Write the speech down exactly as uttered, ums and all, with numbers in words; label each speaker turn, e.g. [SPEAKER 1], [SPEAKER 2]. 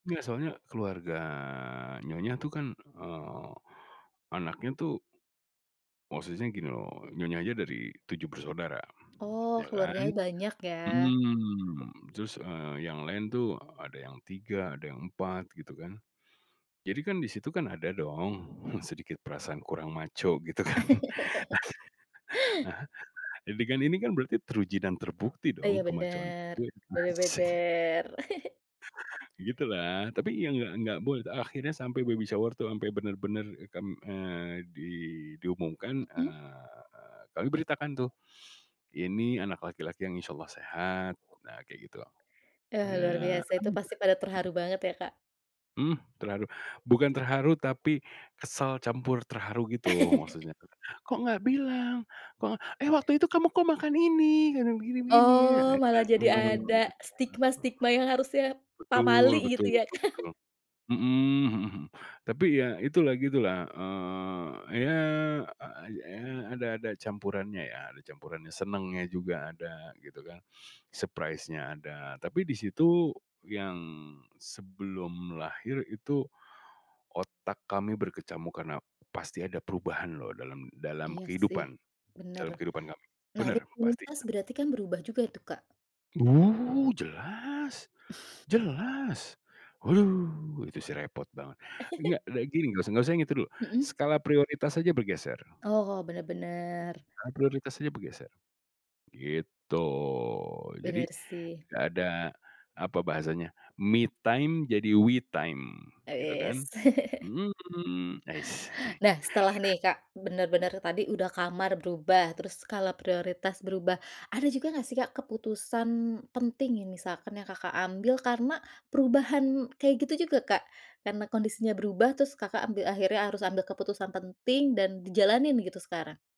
[SPEAKER 1] Nggask soalnya keluarga nyonya tuh kan, eee, anaknya tuh Maksudnya gini loh, nyonya aja dari tujuh bersaudara,
[SPEAKER 2] Oh
[SPEAKER 1] ya kan,
[SPEAKER 2] keluarganya banyak ya.
[SPEAKER 1] mhm, terus, eee, yang lain tuh ada yang tiga, ada yang empat, gitu kan, jadi kan disitu kan ada dong sedikit perasaan kurang macho gitu kan, heeh, jadi kan ini kan berarti teruji dan terbukti
[SPEAKER 2] Iya
[SPEAKER 1] dong ke-macho-an
[SPEAKER 2] bener,
[SPEAKER 1] gue,
[SPEAKER 2] bener
[SPEAKER 1] asik.
[SPEAKER 2] bener.
[SPEAKER 1] Gitulah tapi ya nggak nggak boleh akhirnya sampai baby shower itu ampe benar benar kam eee, di diumumkan,
[SPEAKER 2] Mhm.
[SPEAKER 1] eee, kami beritakan tuh, ini anak laki-laki yang insyaallah sehat nah kayak gitu,
[SPEAKER 2] Eee, luar
[SPEAKER 1] makanya
[SPEAKER 2] biasa itu
[SPEAKER 1] mmm,
[SPEAKER 2] pasti
[SPEAKER 1] mhm.
[SPEAKER 2] pada terharu banget ya Kak?
[SPEAKER 1] Mmm, terharu, bukan terharu tapi kesel campur terharu gitu maksudnya, "Kok nggak bilang," "Kok, eh, waktu itu kamu kok makan ini kadang begini-begini." Ah,
[SPEAKER 2] Oh,
[SPEAKER 1] itu
[SPEAKER 2] malah
[SPEAKER 1] kan,
[SPEAKER 2] jadi
[SPEAKER 1] mhm.
[SPEAKER 2] ada
[SPEAKER 1] [unintelligible]
[SPEAKER 2] stigma-stigma yang harusnya,
[SPEAKER 1] Betul,
[SPEAKER 2] pamali
[SPEAKER 1] betul
[SPEAKER 2] gitu ya
[SPEAKER 1] betul
[SPEAKER 2] Kak.
[SPEAKER 1] betul, mhm, mhm mhm, tapi ya itulah gitulah, eee, ya, eee, ada ada campurannya ya, ada campurannya senangnya juga ada gitu kan, surprise-nya ada tapi disitu yang sebelum lahir itu, otak kami berkecamuk karena pasti ada perubahan loh dalam dalam
[SPEAKER 2] Iya sih,
[SPEAKER 1] kehidupan,
[SPEAKER 2] bener,
[SPEAKER 1] dalam kehidupan kami,
[SPEAKER 2] nah
[SPEAKER 1] bener,
[SPEAKER 2] rutinitas
[SPEAKER 1] pastinya.
[SPEAKER 2] berarti kan berubah juga itu Kak?
[SPEAKER 1] Uh, jelas, jelas. Uh, itu sih repot banget, nggak kayak gini, nggak usah nggak usah yang dulu,
[SPEAKER 2] Mhm.
[SPEAKER 1] skala prioritas saja bergeser.
[SPEAKER 2] Oh bener bener.
[SPEAKER 1] Skala prioritas aja bergeser, gitu. Jadi,
[SPEAKER 2] Bener sih.
[SPEAKER 1] tidak ada apa bahasanya me time jadi we time, gitu kan,
[SPEAKER 2] Wis.
[SPEAKER 1] mmm, ais.
[SPEAKER 2] Nah setelah nih Kak, bener-bener tadi udah kamar berubah, terus skala prioritas berubah, ada juga gak sih Kak, keputusan penting yang misalkan yang Kakak, ambil karena perubahan kayak gitu juga Kak, karena kondisinya berubah terus Kakak, ambil akhirnya harus ambil keputusan penting dan dijalanin gitu sekarang.